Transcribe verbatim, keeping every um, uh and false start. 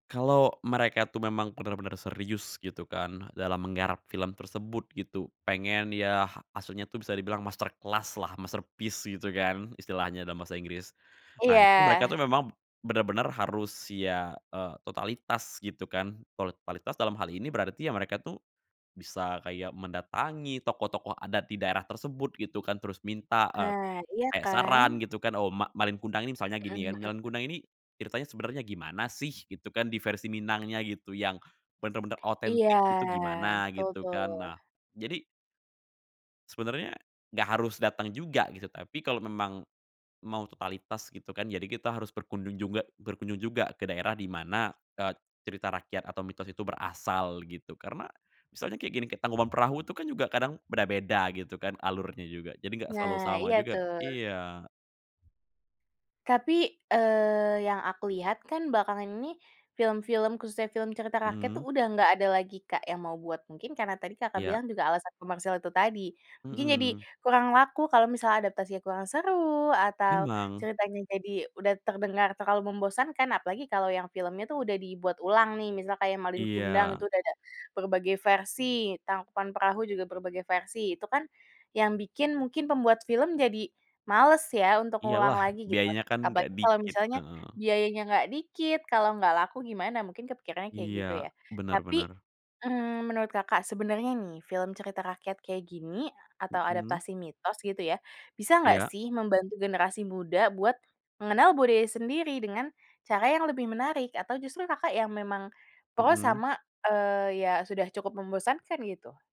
Kalau mereka tuh memang bener-bener serius gitu kan, dalam menggarap film tersebut gitu, pengen ya, ahsudnya tuh bisa dibilang masterclass-lah, masterpiece gitu kan, istilahnya dalam bahasa Inggris. Nah, itu mereka Iya. tuh memang b benar-benar harus, ya, eee, totalitas gitu kan. Kalo totalitas dalam hal ini berarti ya mereka tuh bisa kayak mendatangi tokoh-tokoh adat di daerah tersebut gitu kan, terus minta, eee, Nah, iya kayak saran kan. gitu kan, oh, Ma Malin Kundang ini misalnya Mhm gini kan, Malin mhm. Kundang ini, ceritanya sebenernya gimana sih? Gitu kan, di versi Minangnya gitu yang bener-bener Iya, otentik gitu gimana betul gitu, tuh. kan. Nah, jadi sebenernya gak harus dateng juga gitu. Tapi kalo memang mau totalitas gitu kan, jadi kita harus berkunjung juga berkunjung juga ke daerah di mana, eee, cerita rakyat atau mitos itu berasal gitu. Karena misalnya kayak gini, kayak Tangkuban Perahu itu kan, juga kadang beda-beda gitu kan alurnya juga. Jadi gak selalu Nah, sama iya juga tuh. iya. Tapi, eee, yang aku lihat kan belakangan ini film-film khususnya film cerita rakyat tuh Mhm. udah nggak ada lagi Kak yang mau buat. Mungkin karena tadi Kakak Iya. bilang juga alasan komersil itu tadi. Mungkin jadi Mhm. kurang laku kalau misalnya adaptasinya kurang seru, atau Emang. ceritanya jadi udah terdengar terlalu membosankan, apalagi kalau yang filmnya tuh udah dibuat ulang nih, misal kayak Malin Kundang Iya. itu udah ada berbagai versi, Tangkuban Perahu juga berbagai versi, itu kan, yang bikin mungkin pembuat film jadi males ya untuk ngulang Iyalah, lagi gitu. biayanya kan Apalagi gak kalau dikit, misalnya heeh. biayanya nggak dikit, kalau nggak laku gimana? Mungkin kepikirannya kayak gitu, Iya, ya. bener Tapi, bener. mmm, menurut Kakak sebenarnya nih, film cerita rakyat kayak gini, atau Mhm. adaptasi mitos gitu ya, bisa nggak Iya. sih membantu generasi muda buat mengenal budaya sendiri dengan cara yang lebih menarik, atau justru Kakak yang memang pro Mhm. sama, eee, ya, sudah cukup membosankan gitu?